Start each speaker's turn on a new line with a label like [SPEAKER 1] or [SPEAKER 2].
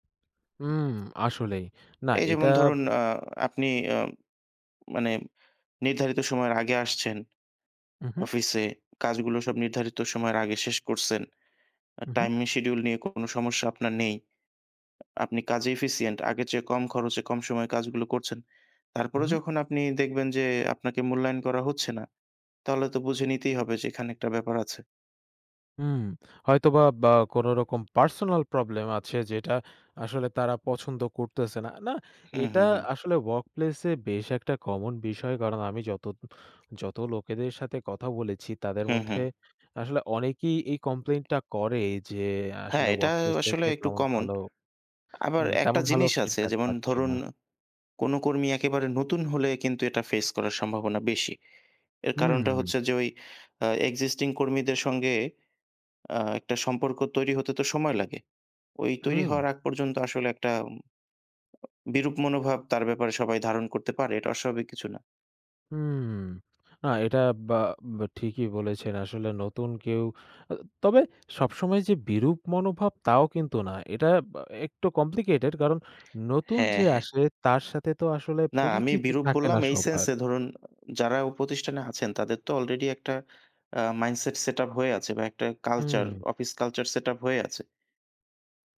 [SPEAKER 1] হুম আসলেই না
[SPEAKER 2] এই
[SPEAKER 1] এটা।
[SPEAKER 2] যেমন ধরুন আ আপনি আ মানে নির্ধারিত সময়ের আগে আসছেন।
[SPEAKER 1] হু, হু।
[SPEAKER 2] অফিসে কাজগুলো সব নির্ধারিত সময়ের আগে শেষ করছেন।
[SPEAKER 1] হু, হু।
[SPEAKER 2] টাইমিং শিডিউল নিয়ে কোন সমস্যা আপনার নেই। আপনি কাজে এফিসিয়েন্ট। আগের চেয়ে কম খরচে কম সময়ে কাজগুলো করছেন।
[SPEAKER 1] হু,
[SPEAKER 2] তারপরেও
[SPEAKER 1] হু।
[SPEAKER 2] যখন আপনি দেখবেন যে আপনাকে মূল্যায়ন করা হচ্ছে না, তাহলে তো বুঝে নিতেই হবে যে এখানে একটা ব্যাপার আছে।
[SPEAKER 1] হুম, হয়তোবা কোনোরকম পার্সোনাল প্রবলেম আছে যেটা আসলে তারা পছন্দ করতেছে না। না,
[SPEAKER 2] হু,
[SPEAKER 1] এটা
[SPEAKER 2] হু, হু।
[SPEAKER 1] আসলে ওয়ার্কপ্লেসে বেশ একটা কমন বিষয়। কারণ আমি যত, যত লোকেদের সাথে কথা বলেছি তাদের
[SPEAKER 2] হু, হু।
[SPEAKER 1] মধ্যে আসলে অনেকেই এই কমপ্লেইন টা করে যে
[SPEAKER 2] হ্যাঁ,
[SPEAKER 1] আসলে
[SPEAKER 2] এটা
[SPEAKER 1] ওয়ার্কপ্লেস
[SPEAKER 2] আসলে
[SPEAKER 1] থেকে
[SPEAKER 2] একটু
[SPEAKER 1] তেমন
[SPEAKER 2] কমন।
[SPEAKER 1] ভালো।
[SPEAKER 2] আবার
[SPEAKER 1] হুম,
[SPEAKER 2] একটা
[SPEAKER 1] তেমন ভালো
[SPEAKER 2] জিনিস আছে
[SPEAKER 1] ফিডব্যাক
[SPEAKER 2] যেমন
[SPEAKER 1] পাচ্ছে
[SPEAKER 2] ধরুন
[SPEAKER 1] না।
[SPEAKER 2] কোন কর্মী একেবারে নতুন হলে কিন্তু এটা ফেস করার সম্ভাবনা বেশি। এর কারণটা
[SPEAKER 1] হুম।
[SPEAKER 2] হচ্ছে যে, ওই আ এক্সিস্টিং কর্মীদের সঙ্গে আ একটা সম্পর্ক তৈরি হতে তো সময় লাগে। ওই তৈরি
[SPEAKER 1] হুম।
[SPEAKER 2] হওয়ার আগ পর্যন্ত আসলে একটা। বিরূপ মনোভাব তার ব্যাপারে সবাই ধারণ করতে পারে। এটা অস্বাভাবিক কিছু না।
[SPEAKER 1] হুম, না, এটা বা বা ঠিকই বলেছেন আসলে। আসলে নতুন কেউ তবে সবসময় যে বিরূপ মনোভাব তাও কিন্তু না। এটা একটু কমপ্লিকেটেড কারণ নতুন
[SPEAKER 2] হ্যাঁ,
[SPEAKER 1] যে
[SPEAKER 2] হ্যাঁ।
[SPEAKER 1] আসে তার সাথে তো আসলে
[SPEAKER 2] না, আমি
[SPEAKER 1] পরিচিত
[SPEAKER 2] বিরূপ
[SPEAKER 1] থাকে
[SPEAKER 2] বললাম
[SPEAKER 1] না
[SPEAKER 2] এই সেন্স
[SPEAKER 1] সবার।
[SPEAKER 2] এ ধরুন যারা প্রতিষ্ঠানে আছেন তাদের তো আলরেডি একটা আ মাইন্ডসেট সেটআপ হয়ে আছে বা একটা কালচার
[SPEAKER 1] হুম।
[SPEAKER 2] অফিস কালচার সেটআপ হয়ে আছে।